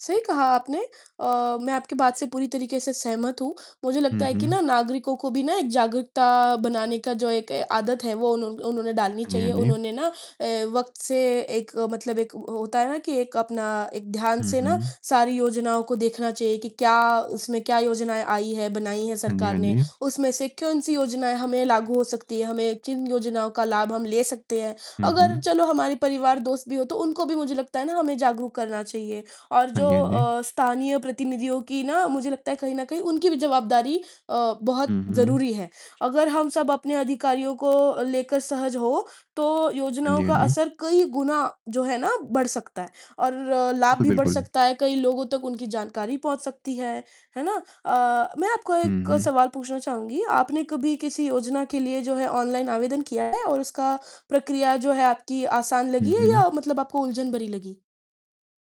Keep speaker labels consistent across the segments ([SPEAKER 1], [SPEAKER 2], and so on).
[SPEAKER 1] सही कहा आपने। अ, मैं आपकी बात से पूरी तरीके से सहमत हूँ। मुझे लगता
[SPEAKER 2] हुँ,
[SPEAKER 1] है कि
[SPEAKER 2] हुँ।
[SPEAKER 1] ना, नागरिकों को भी ना, एक जागरूकता बनाने का जो एक ए आदत है, वो उन्हों उन्होंने डालनी
[SPEAKER 2] हाँ जी, हाँ
[SPEAKER 1] चाहिए।
[SPEAKER 2] जी।
[SPEAKER 1] उन्होंने ना अ, वक़्त से एक मतलब एक अ, होता है ना कि एक अपना एक ध्यान
[SPEAKER 2] हुँ,
[SPEAKER 1] से ना,
[SPEAKER 2] हुँ।
[SPEAKER 1] सारी योजनाओं को देखना चाहिए कि क्या उसमें क्या योजनाएँ आई हैं, बनाई हैं
[SPEAKER 2] हाँ जी,
[SPEAKER 1] सरकार
[SPEAKER 2] हाँ
[SPEAKER 1] ने।
[SPEAKER 2] जी।
[SPEAKER 1] उसमें से कौन-सी योजनाएँ हमें लागू हो सकती हैं, हमें किन योजनाओं का लाभ हम ले सकते हैं।
[SPEAKER 2] हुँ,
[SPEAKER 1] अगर
[SPEAKER 2] हुँ।
[SPEAKER 1] चलो हमारे परिवार-दोस्त भी हों, तो उनको भी, मुझे लगता है ना, हमें जागरूक करना चाहिए और
[SPEAKER 2] हाँ
[SPEAKER 1] जो
[SPEAKER 2] जी, हाँ जी।
[SPEAKER 1] अ, स्थानीय प्रतिनिधियों की ना, मुझे लगता है, कहीं न कहीं उनकी भी जवाबदारी अ, बहुत
[SPEAKER 2] हुँ, हुँ।
[SPEAKER 1] ज़रूरी है। अगर हम सब अपने अधिकारियों को अ, लेकर सहज हों, तो
[SPEAKER 2] हाँ
[SPEAKER 1] योजनाओं
[SPEAKER 2] जी, हाँ
[SPEAKER 1] का
[SPEAKER 2] जी।
[SPEAKER 1] असर कई गुना, जो है ना, बढ़ सकता है, और लाभ
[SPEAKER 2] बिल्कुल,
[SPEAKER 1] भी बढ़
[SPEAKER 2] बिल्कुल।
[SPEAKER 1] सकता है, कई लोगों तक उनकी जानकारी पहुँच सकती है। है ना? अ, मैं आपको
[SPEAKER 2] हुँ,
[SPEAKER 1] एक
[SPEAKER 2] हुँ।
[SPEAKER 1] सवाल पूछना चाहूँगी। आपने कभी किसी योजना के लिए, जो है, ऑनलाइन आवेदन किया है और उसका प्रक्रिया, जो है आपकी, आसान
[SPEAKER 2] हुँ,
[SPEAKER 1] लगी है
[SPEAKER 2] हुँ।
[SPEAKER 1] या मतलब आपको उलझन भरी लगी?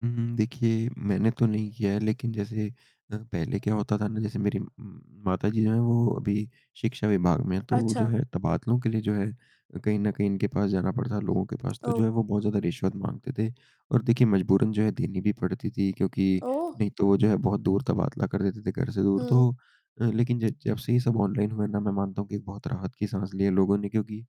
[SPEAKER 2] हुँ, हुँ, देखिए, मैंने तो नहीं किया है, लेकिन जैसे अ, पहले क्या होता था ना, जैसे मेरी उम, माता जी जो हैं, वो अभी शिक्षा विभाग में हैं। तो वो, जो
[SPEAKER 1] अच्छा।
[SPEAKER 2] है, तबादलों के लिए, जो है अ, कहीं न कहीं इनके पास जाना पड़ता है, लोगों के पास। तो जो
[SPEAKER 1] ओह!
[SPEAKER 2] है, वो बहुत ज़्यादा रिश्वत माँगते थे, और देखिए, मजबूरन जो है, देनी भी पड़ती थी, क्योंकि
[SPEAKER 1] ओह!
[SPEAKER 2] नहीं तो वो, जो है, बहुत दूर तबादला कर देते थे, घर से दूर।
[SPEAKER 1] हुँ।
[SPEAKER 2] तो अ, लेकिन ज जब से ये सब ऑनलाइन हुए ना, मैं मानता हूँ कि एक बहुत राहत की साँस ली है लोगों ने, क्योंकि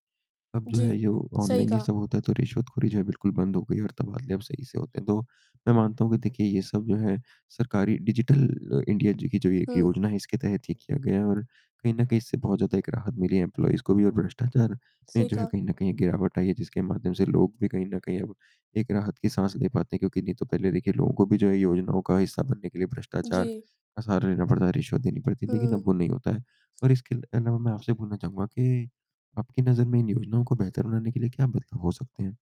[SPEAKER 2] अब जो
[SPEAKER 1] जी।
[SPEAKER 2] है, यो
[SPEAKER 1] सही
[SPEAKER 2] ऑनलाइन ही
[SPEAKER 1] कहा।
[SPEAKER 2] सब होता है तो रिश्वतखोरी, जो है, बिल्कुल बंद हो गई और तबादले अब सही से होते हैं। तो मैं मानता हूँ कि देखिए, ये सब जो है, सरकारी डिजिटल अ, इंडिया जी की जो ये 1
[SPEAKER 1] हुँ।
[SPEAKER 2] योजना है, इसके तहत ये किया गया है और कहीं न कहीं, इससे बहुत ज़्यादा एक राहत मिली है एम्प्लॉइज़ को भी, और भ्रष्टाचार में,
[SPEAKER 1] सही
[SPEAKER 2] जो है,
[SPEAKER 1] कहा।
[SPEAKER 2] कहीं न कहीं गिरावट आई है, जिसके माध्यम से लोग भी कहीं न कहीं अब एक राहत की साँस ले पाते हैं, क्योंकि नहीं तो पहले, देखिए, लोगों को भी, जो है, योजनाओं का हिस्सा बनने के लिए भ्रष्टाचार
[SPEAKER 1] जी।
[SPEAKER 2] का सहारा लेना पड़ता, रिश्वत देनी पड़ती लेकिन
[SPEAKER 1] हुँ।
[SPEAKER 2] अब वो नहीं होता है, और इसके अलावा मैं आपसे ये पूछना चाहूँगा कि आपकी नज़र में इन योजनाओं को बेहतर बनाने के लिए क्या बदलाव हो सकते हैं?